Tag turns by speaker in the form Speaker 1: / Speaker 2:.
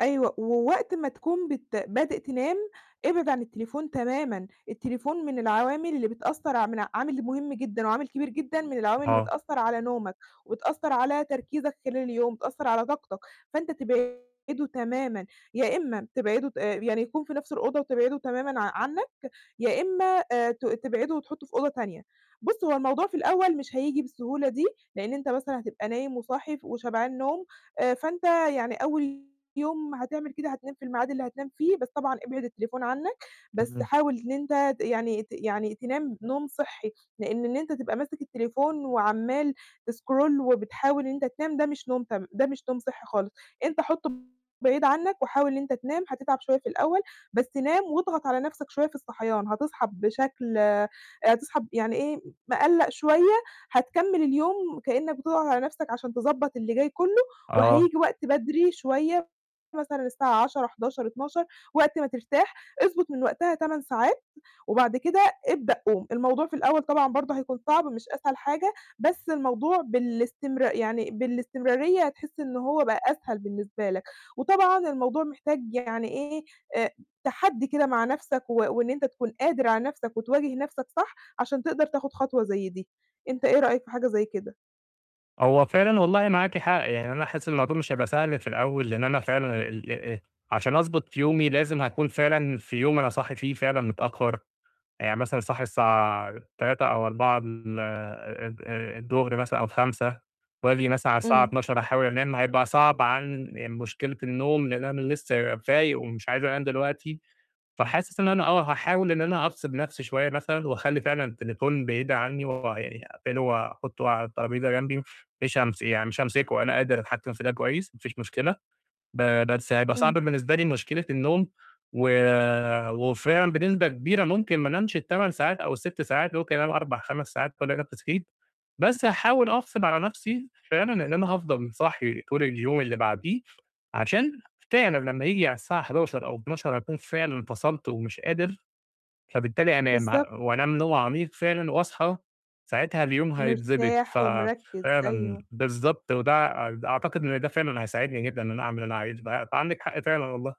Speaker 1: أيوه، ووقت ما تكون بت بادئ تنام، إبعِد عن التليفون تمامًا، التليفون من العوامل اللي بتأثر ع من عامل مُهم جدًا، وعامل كبير جدًا، من العوامل اللي
Speaker 2: آه.
Speaker 1: بتأثر على نومك، وبتأثر على تركيزك خلال اليوم، بتأثر على طاقتك، فأنت تبعده تمامًا، يا إما تبعده ت آآ، يعني يكون في نَفس الأوضة وتبعده تمامًا ع عنك، يا إما آآ، ت تبعده وتحطُه في أوضة تانية، بُص هو الموضوع في الأول مش هييجي بالسهولة دي، لإن أنت مثلًا هتبقى نايم وصاحي ف وشبعان نوم، آآ، فأنت يعني أول يوم هتعمل كده هتنام في الميعاد اللي هتنام فيه، بس طبعًا إبعِد التليفون عنك، بس
Speaker 2: تمام.
Speaker 1: حاول إن أنت يعني ت يعني تنام نوم صحّي، لإن إن أنت تبقى ماسك التليفون، وعمال تسكرول وبتحاول إن أنت تنام، ده مش نوم تم ده مش نوم صحّي خالص، أنت حطُه بعيد عنك، وحاول إن أنت تنام، هتتعب شوية في الأول، بس نام واضغط على نَفسك شوية في الصحيان، هتصحي بشكل آآ، هتصحي يعني إيه مقلّق شوية، هتكمل اليوم كأنك بتضغط على نَفسك عشان تضبّط اللي جاي كُلّه،
Speaker 2: آه.
Speaker 1: وهييجي وقت بدري شوية، مثلًا الساعة 22:00، 23:00، 00:00 وقت ما ترتاح، اضبط من وقتها 8 ساعات، وبعد كده ابدأ قوم، الموضوع في الأول طبعًا برضه هيكون صعب مش أسهل حاجة، بس الموضوع بالاستمرار يعني بالاستمرارية هتحِس إن هو بقى أسهل بالنسبة لك، وطبعًا الموضوع محتاج يعني إيه، آآ، تحدي كده مع نَفسك، و وإن أنت تكون قادر على نَفسك وتواجه نَفسك صح، عشان تقدر تاخد خطوة زي دي، أنت إيه رأيك في حاجة زي كده؟
Speaker 2: هو فعلًا والله معاكِ حق، يعني أنا حاسِس الموضوع مش هيبقى سهل في الأول، لإن أنا فعلًا ال ال عشان أضبط يومي لازم هاكون فعلًا في يوم أنا صاحي فيه فعلًا متأخر، يعني مثلًا صاحي الساعة 15:00 أو 16:00 ال ال الضُهر مثلًا أو 17:00 وآجي مثلًا على الساعة
Speaker 1: امم.
Speaker 2: 00:00 أحاول أنام، هيبقى صعب عن مشكلة النوم، لإن أنا لسه فايق ومش عايز أنام دلوقتي، فحاسس إن أنا آه، هاحاول إن أنا أفصِل نَفسي شوية مثلًا، وأخلّي فعلًا التليفون بعيد عني، ويعني أقفلُه وأحُطُّه على الترابيزة جمبي، م مش هامس يعني مش هامسكُه، أنا قادِر أتحكِم في ده كويس، ما فيش مشكلة، ب بس هيبقى صعب
Speaker 1: امم.
Speaker 2: بالنسبة لي مشكلة النوم، و وفعلًا بنسبة كبيرة ممكن ما أنامش ال8 ساعات أو ال6 ساعات، ممكن أنام 4، 5 ساعات وألاقي نَفسي صحيت، بس هاحاول أغصب على نَفسي فعلًا إن أنا هافضل صاحي طول اليوم اللي بعديه، عشان فعلًا لمّا ييجي على الساعة 23:00 أو 00:00 أكون فعلًا فصلت ومش قادر، فبالتالي أنام ه
Speaker 1: بالضبط.
Speaker 2: وأنام نوم عميق فعلًا، واصحى ساعتها اليوم هيتضبط، ف
Speaker 1: مرتاح ومركِّز،
Speaker 2: فعلًا
Speaker 1: أيوه.
Speaker 2: بالضبط، وده أد أعتقد إن ده فعلًا هيساعدني جدًا، إن أنا أعمل اللي أنا عايزُه، ب فعندِك حق فعلًا والله.